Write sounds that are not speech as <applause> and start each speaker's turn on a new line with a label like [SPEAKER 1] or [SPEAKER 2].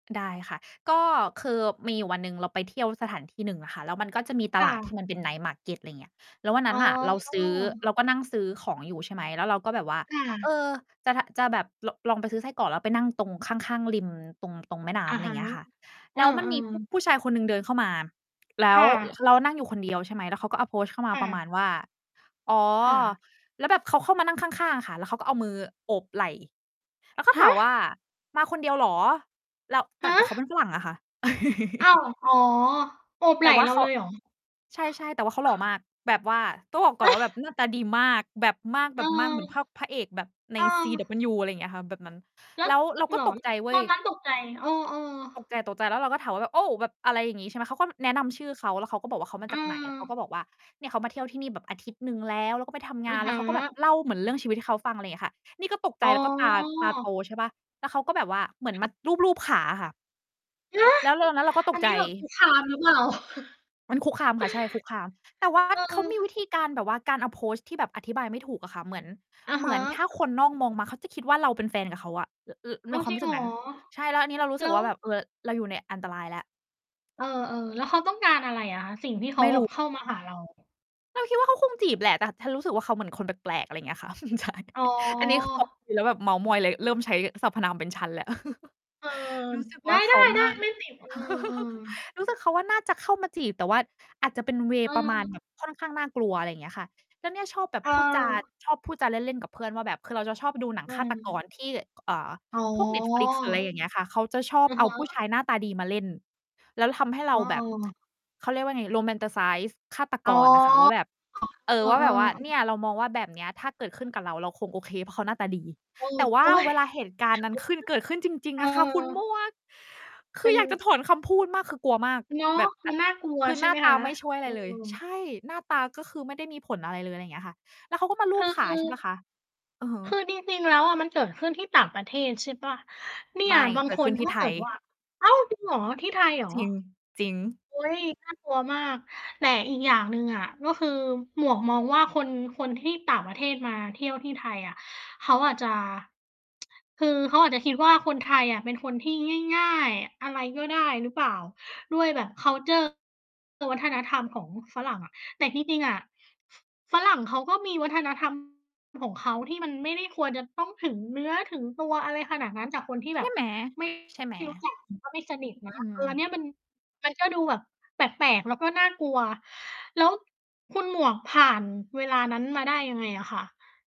[SPEAKER 1] ได้ค่ะ ก็คือมีอยู่วันหนึ่งเราไปเที่ยวสถานที่หนึ่งอะค่ะ แล้วมันก็จะมีต
[SPEAKER 2] ค่
[SPEAKER 1] ลาดที
[SPEAKER 2] ะ
[SPEAKER 1] ่มันเป็น night market อะไรอย่างเงี้ย แล้ววันน
[SPEAKER 2] อ๋
[SPEAKER 1] ั้นน่ะเราซื้อ
[SPEAKER 2] อ
[SPEAKER 1] เราก็นั่งซื้อของอยู่ ใช่ไหม แล้วเราก็แบบว่า
[SPEAKER 2] ค่
[SPEAKER 1] เอ
[SPEAKER 2] ะ
[SPEAKER 1] อ จะ จะแบบ ล ลองไปซื้อไส้กรอก แล้วไปนั่งตรงข้าง ๆ ริมตรง ตรงแม่น้
[SPEAKER 2] อะ
[SPEAKER 1] ำ อะไร
[SPEAKER 2] ฮ
[SPEAKER 1] อย
[SPEAKER 2] ะ
[SPEAKER 1] ่างเงี้ยค่ะ
[SPEAKER 2] เอ
[SPEAKER 1] แ
[SPEAKER 2] อ
[SPEAKER 1] ล้วมันมี ผุ
[SPEAKER 2] ๆ
[SPEAKER 1] ผู้ชายคนหนึ่งเดินเข้ามา แล
[SPEAKER 2] ค
[SPEAKER 1] ้ว
[SPEAKER 2] ่ะ
[SPEAKER 1] เรานั่งอยู่คน เดียว ใช่ไหม แล้วเขาก็ approach เข้ามา
[SPEAKER 2] ค่
[SPEAKER 1] ประ
[SPEAKER 2] ะ
[SPEAKER 1] มาณว่า อ๋อ
[SPEAKER 2] ค่ะ
[SPEAKER 1] แล้วแบบเขาเข้ามานั่งข้าง ๆ ค่ะ แล้วเขาก็เอามือโอบไหล่ แล้วก็
[SPEAKER 2] ฮ
[SPEAKER 1] ถามว่า
[SPEAKER 2] ะ!
[SPEAKER 1] "มาคนเดียวเหรอ?" แล้ว แต่
[SPEAKER 2] ฮ
[SPEAKER 1] แต่เขาเป
[SPEAKER 2] ะ!
[SPEAKER 1] ็นฝรั่งอะค่ะ <laughs>
[SPEAKER 2] อ้าว อ๋อ โอบ
[SPEAKER 1] แต
[SPEAKER 2] ไหล
[SPEAKER 1] ่
[SPEAKER 2] ่
[SPEAKER 1] ว่า
[SPEAKER 2] เรา
[SPEAKER 1] เขา
[SPEAKER 2] เลยเหรอ?
[SPEAKER 1] ใช่ ๆ แต่ว่าเขาห
[SPEAKER 2] ค
[SPEAKER 1] ล่อ
[SPEAKER 2] ่ะ
[SPEAKER 1] มาก แบบว่า ต้องบอกก่อ
[SPEAKER 2] ฮ
[SPEAKER 1] นว่าแบ
[SPEAKER 2] ะ
[SPEAKER 1] บหน้าตาดีมาก แบบมาก แ
[SPEAKER 2] เอ
[SPEAKER 1] บ
[SPEAKER 2] อ
[SPEAKER 1] บมากเหมือนพระ พระเอกแบบใน
[SPEAKER 2] เออ
[SPEAKER 1] CW อะไรอย่างเงี้ยค่ะ แบบนั้น
[SPEAKER 2] แล้
[SPEAKER 1] แล
[SPEAKER 2] ว
[SPEAKER 1] ้วเรา
[SPEAKER 2] เ
[SPEAKER 1] ก็
[SPEAKER 2] หร
[SPEAKER 1] ต
[SPEAKER 2] อ
[SPEAKER 1] กใ
[SPEAKER 2] ล
[SPEAKER 1] จเว
[SPEAKER 2] ต
[SPEAKER 1] ้
[SPEAKER 2] อ
[SPEAKER 1] ย
[SPEAKER 2] นนั้นตกใจ เออ
[SPEAKER 1] ต
[SPEAKER 2] ๆ
[SPEAKER 1] กใจ ๆ แล้วเราก็ถามว่าแบบ "โอ้" แบบ อะไรอย่างงี้ ใช่ไหม เขาก็แนะนำชื่อเขา แล้วเขาก็บอกว่าเขามา
[SPEAKER 2] อื
[SPEAKER 1] จากไหน เขา
[SPEAKER 2] ม
[SPEAKER 1] ก็บอกว่า เนี่ยเขามาเที่ยวที่นี่แบบอาทิตย์หนึ่งแล้ว แล้วก็ไปทำง
[SPEAKER 2] อื
[SPEAKER 1] า
[SPEAKER 2] อ
[SPEAKER 1] น แ
[SPEAKER 2] ฮ
[SPEAKER 1] ล้วเขาก็แบบ
[SPEAKER 2] ึ
[SPEAKER 1] เล่าเหมือนเรื่องชีวิตให้เขาฟัง อะไรอย่างเงี้ยค่ะ นี่ก็ตกใ
[SPEAKER 2] อ
[SPEAKER 1] จ
[SPEAKER 2] ๋อ
[SPEAKER 1] แล้วก็ตา ตาโต ใช่เปล่า แล้วเขาก็แบบว่าเหมือน
[SPEAKER 2] ค
[SPEAKER 1] ม
[SPEAKER 2] ่
[SPEAKER 1] า
[SPEAKER 2] ะ
[SPEAKER 1] ลูบ ๆ ขาอะค่ะ
[SPEAKER 2] ฮะ!
[SPEAKER 1] แล้วเราตอนนั้นเราก็ต
[SPEAKER 2] อั
[SPEAKER 1] ก
[SPEAKER 2] น
[SPEAKER 1] ใ
[SPEAKER 2] น
[SPEAKER 1] จ
[SPEAKER 2] ี้แบบคุกคาม หรือเปล่า? <chuckles>
[SPEAKER 1] มันคุกคามค่ะ ใช่ คุกคาม แต่ว่า
[SPEAKER 2] เ
[SPEAKER 1] เขามีวิ
[SPEAKER 2] ออ
[SPEAKER 1] ธีการแบบว่าการ approach ที่แบบอธิบายไม่ถูกอะค่ะ เหมือน
[SPEAKER 2] อะ
[SPEAKER 1] เห
[SPEAKER 2] ฮ
[SPEAKER 1] มือนถ้
[SPEAKER 2] ะ
[SPEAKER 1] าคนนอกมองมา เขาจะคิดว่าเราเป็นแฟนกับเขาอะ ร น ใ
[SPEAKER 2] อ้
[SPEAKER 1] น
[SPEAKER 2] าว
[SPEAKER 1] ควา
[SPEAKER 2] จ
[SPEAKER 1] ม
[SPEAKER 2] ริ
[SPEAKER 1] รู
[SPEAKER 2] ง
[SPEAKER 1] ้
[SPEAKER 2] เ
[SPEAKER 1] สึ
[SPEAKER 2] หร
[SPEAKER 1] ก
[SPEAKER 2] อ?
[SPEAKER 1] นั้น ใช่ แล้วอันนี้เรารู้ส
[SPEAKER 2] แล
[SPEAKER 1] ึ
[SPEAKER 2] ้
[SPEAKER 1] กว
[SPEAKER 2] ว
[SPEAKER 1] ่าแบบ เออ เราอยู่ในอันตรายแล้ว
[SPEAKER 2] เออ ๆ แล้วเขาต้องการอะไรอะคะ สิ่งที่เข
[SPEAKER 1] ไม
[SPEAKER 2] า
[SPEAKER 1] ่
[SPEAKER 2] แบ
[SPEAKER 1] ร
[SPEAKER 2] บ
[SPEAKER 1] ู
[SPEAKER 2] เข้ามาหาเรา?
[SPEAKER 1] เราคิดว่าเขาคงจีบแหละ แต่ฉันรู้สึกว่าเขาเหมือนคนแปลก ๆ อะไรอย่างเงี้ยค่ะ <chuckles> ใช่
[SPEAKER 2] อ๋
[SPEAKER 1] อันนี้ คือ แบบ
[SPEAKER 2] อ
[SPEAKER 1] กิน แล้วแบบเมาท์มอย เลยเริ่มใช้สรรพนามเป็นฉันแล้ว <chuckles>
[SPEAKER 2] เออ
[SPEAKER 1] รู้สึก
[SPEAKER 2] ได
[SPEAKER 1] ว่าเขาน่
[SPEAKER 2] ้
[SPEAKER 1] า
[SPEAKER 2] ๆ ๆ ไม่ติด เอ
[SPEAKER 1] <chuckles>
[SPEAKER 2] อ ๆ
[SPEAKER 1] รู้สึกเขาว่า น่าจะเข้ามาจีบ แต่ว่าอาจจะเป็น เวย์ ประมา
[SPEAKER 2] เอ
[SPEAKER 1] ณ
[SPEAKER 2] อ
[SPEAKER 1] แบบค่อนข้างน่ากลัว อะไรอย่างเงี้ยค่ะ แล้วเนี่ยชอบแบบ
[SPEAKER 2] เ
[SPEAKER 1] พูดจา
[SPEAKER 2] ออ
[SPEAKER 1] ชอบพูดจาเล่น ๆ กับเพื่อนว่าแบบ คือเราจะชอบดูหนั
[SPEAKER 2] อ
[SPEAKER 1] ง
[SPEAKER 2] ื
[SPEAKER 1] ฆาตก
[SPEAKER 2] ม
[SPEAKER 1] รที่ เอ่อ
[SPEAKER 2] อ๋อ
[SPEAKER 1] พวกเน็ตฟลิกซ์ หรืออะไรอย่างเงี้ยค่ะ เขาจะชอบ
[SPEAKER 2] อะ
[SPEAKER 1] เอา
[SPEAKER 2] ฮ
[SPEAKER 1] ผู้
[SPEAKER 2] ะ
[SPEAKER 1] ชายหน้าตาดีมาเล่น แล้วทำให้เร
[SPEAKER 2] อ
[SPEAKER 1] า
[SPEAKER 2] ๋
[SPEAKER 1] แบบ
[SPEAKER 2] อ
[SPEAKER 1] <tsk> เขาเรียกว่าไง Romanticize ฆาต
[SPEAKER 2] อ
[SPEAKER 1] ก
[SPEAKER 2] ๋อ
[SPEAKER 1] รอะค่ะว่าแบบ เออ
[SPEAKER 2] เอ
[SPEAKER 1] ว่าแบบว่า เนี
[SPEAKER 2] อ
[SPEAKER 1] ่ยเรามองว่าแบบเนี้ย ถ้าเกิดขึ้นกับเรา เราคงโอเค เพราะเขาหน้าตาดี
[SPEAKER 2] เออ
[SPEAKER 1] แต่ว่
[SPEAKER 2] โ
[SPEAKER 1] า
[SPEAKER 2] อ๊ย
[SPEAKER 1] เวลา
[SPEAKER 2] <unintelligible>
[SPEAKER 1] เหตุการณ์นั้นขึ้น เกิดขึ้นจริง
[SPEAKER 2] เออ
[SPEAKER 1] ๆ อะค่ะ คุณหมวก ค
[SPEAKER 2] เ
[SPEAKER 1] ื
[SPEAKER 2] ป็
[SPEAKER 1] อ
[SPEAKER 2] น
[SPEAKER 1] อยากจะถอนคำพูดมาก คือกลัวมาก
[SPEAKER 2] เนาะ
[SPEAKER 1] แบบ ต
[SPEAKER 2] มันน่ากลัว
[SPEAKER 1] คือ
[SPEAKER 2] ใช
[SPEAKER 1] ห
[SPEAKER 2] ่
[SPEAKER 1] น้
[SPEAKER 2] ไ
[SPEAKER 1] า
[SPEAKER 2] หม
[SPEAKER 1] ต
[SPEAKER 2] ค
[SPEAKER 1] า
[SPEAKER 2] ะ?
[SPEAKER 1] ไม่ช่วยอะ
[SPEAKER 2] เ
[SPEAKER 1] ไ
[SPEAKER 2] อ
[SPEAKER 1] ร
[SPEAKER 2] อ
[SPEAKER 1] เลย ใช่ หน้าตา ก็คือไม่ได้มีผลอะไรเลย อะไรอย่างเงี้ยค่ะ แล้วเขาก็มาลู
[SPEAKER 2] ก็
[SPEAKER 1] บข
[SPEAKER 2] ค
[SPEAKER 1] า
[SPEAKER 2] ื
[SPEAKER 1] ใช่
[SPEAKER 2] อ
[SPEAKER 1] เปล่าคะ อะฮะ
[SPEAKER 2] คือจริง ๆ แล้วอะมันเกิดขึ้นที่ต่างประเทศใช่เปล่า? เนี่
[SPEAKER 1] ไม
[SPEAKER 2] ย
[SPEAKER 1] ่
[SPEAKER 2] บาง
[SPEAKER 1] เกิ
[SPEAKER 2] ค
[SPEAKER 1] ดข
[SPEAKER 2] น
[SPEAKER 1] ึ้นท
[SPEAKER 2] ถ
[SPEAKER 1] ี
[SPEAKER 2] ้
[SPEAKER 1] ่
[SPEAKER 2] า
[SPEAKER 1] ไท
[SPEAKER 2] เกิ
[SPEAKER 1] ย
[SPEAKER 2] ดว่า อ้าว จริงเหรอ? ที่ไทยเหรอ?
[SPEAKER 1] จริง จริง
[SPEAKER 2] โอ๊ย น่ากลัวมาก แต่อีกอย่างหนึ่งอะ ก็คือหมวกมองว่า คน คนที่ต่างประเทศมาเที่ยวที่ไทยอะเขาอาจจะ <tsk> คือเขาอาจจะคิดว่า คนไทยอะเป็นคนที่ง่าย ๆ อะไรก็ได้หรือเปล่า ด้วยแบบ คัลเชอร์ วัฒนธรรมของฝรั่งอะ แต่ที่จริงอะ ฝรั่งเขาก็มี วัฒนธรรม ของเขา ที่มันไม่ควรจะต้องถึงเนื้อถึงตัวอะไรขนาดนั้น จากคนที่แ
[SPEAKER 1] ใ
[SPEAKER 2] บ
[SPEAKER 1] ช่
[SPEAKER 2] บ
[SPEAKER 1] ไหม?
[SPEAKER 2] ไม่
[SPEAKER 1] ใช่ไหม?
[SPEAKER 2] รู้จัก ก็ไม่สนิทนะ
[SPEAKER 1] อื้อฮ
[SPEAKER 2] เอ
[SPEAKER 1] ื
[SPEAKER 2] อ อันเนี
[SPEAKER 1] อ
[SPEAKER 2] ้ย มัน มันก็ดูแบบแปลก ๆ แล้วก็น่ากลัว แล้วคุณหมวกผ่านเวลานั้นมาได้ยังไงอะคะ?